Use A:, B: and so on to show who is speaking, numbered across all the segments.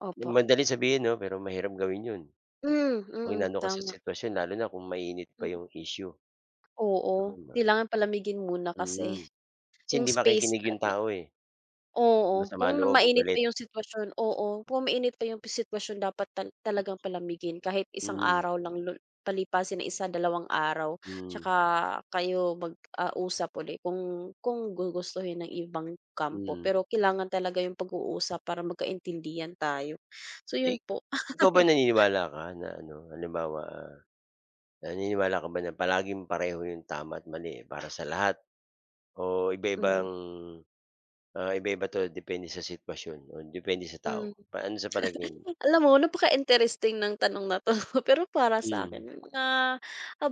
A: Opo.
B: Madaling sabihin 'no, pero mahirap gawin 'yon.
A: Hmm,
B: 'Pag
A: mm,
B: inano ka sa
A: tama.
B: sitwasyon lalo na kung mainit pa
A: Hmm.
B: 'yung issue.
A: Oo,
B: [unintelligible]
A: kailangan palamigin muna kasi,
B: Mm, 'si
A: 'yung
B: hindi
A: space
B: makikinig 'yung
A: natin.
B: tao eh. Kung
A: Oo,
B: masama
A: kung
B: loob o
A: mainit pa
B: galit.
A: 'yung sitwasyon oo, kung mainit pa 'yung sitwasyon dapat tal talagang palamigin kahit isang
B: Mm.
A: araw lang, lo palipasin ang isa, dalawang araw,
B: Mm.
A: 'tsaka kayo mag ah, usap 'uli kung kung gugustuhin ng ibang kampo.
B: Mm.
A: Pero kailangan talaga 'yung pag-uusap para magkaintindihan tayo. So 'yun
B: Ik
A: po.
B: ikaw ba naniniwala ka na ano halimbawa, ah, naniniwala ka ba na palaging pareho 'yung tama't mali, eh, para sa lahat, o
A: Mhm.
B: iba-ibang, ah, iba-iba 'to depende sa sitwasyon o depende sa tao,
A: Mhm.
B: ano sa palagay mo?
A: Alam mo, napaka interesting ng tanong na 'to, pero para sa'kin
B: Mm.
A: may mga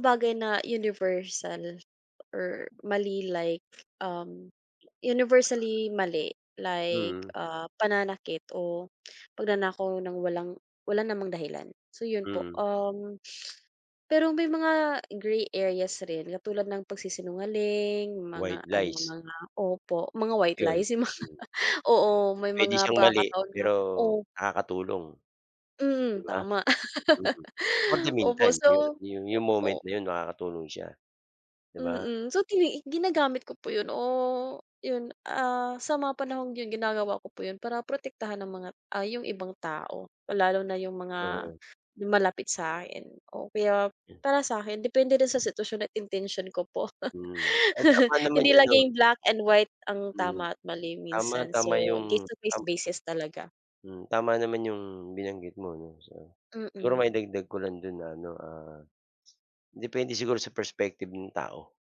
A: bagay na universal or mali like, um, universally mali, like,
B: Mm.
A: ah, pananakit o pagnanakaw ng walang, wala namang dahilan. So 'yun po,
B: Mm.
A: um, pero may mga grey areas rin katulad ng pagsisinungaling, mga
B: White
A: ano
B: lies.
A: mga opo, mga white
B: 'Yun,
A: lies, 'yung mga,
B: mm.
A: oo, may
B: Puwede
A: mga
B: siyang mali
A: pakakataon na,
B: pero
A: o
B: nakakatulong, 'di
A: Mm,
B: ba?
A: tama.
B: Mm, for the
A: Opo
B: meantime yu
A: so,
B: yu
A: oh
B: 'yung moment
A: o
B: na 'yon makakatulong siya, 'di ba?
A: Mm, so tini ginagamit ko po 'yun o 'yun ah, sa mga panahong 'yun ginagawa ko po 'yun para protektahan ng mga ah, 'yung ibang tao, lalo na 'yung mga
B: Oo.
A: malapit sa akin o kaya para sa'kin depende rin sa sitwasyon at intention ko po.
B: Mm, ay tama naman
A: Hindi
B: 'yun 'no?
A: laging black and white ang
B: Mm.
A: tama at mali
B: Tama,
A: minsan
B: tama
A: so case
B: 'yung
A: to case
B: tama
A: basis talaga.
B: Hmm, tama naman 'yung binanggit mo 'no, so, siguro
A: Mm.
B: maidagdag ko lang do'n na ano, ah, depende siguro sa perspective nung tao.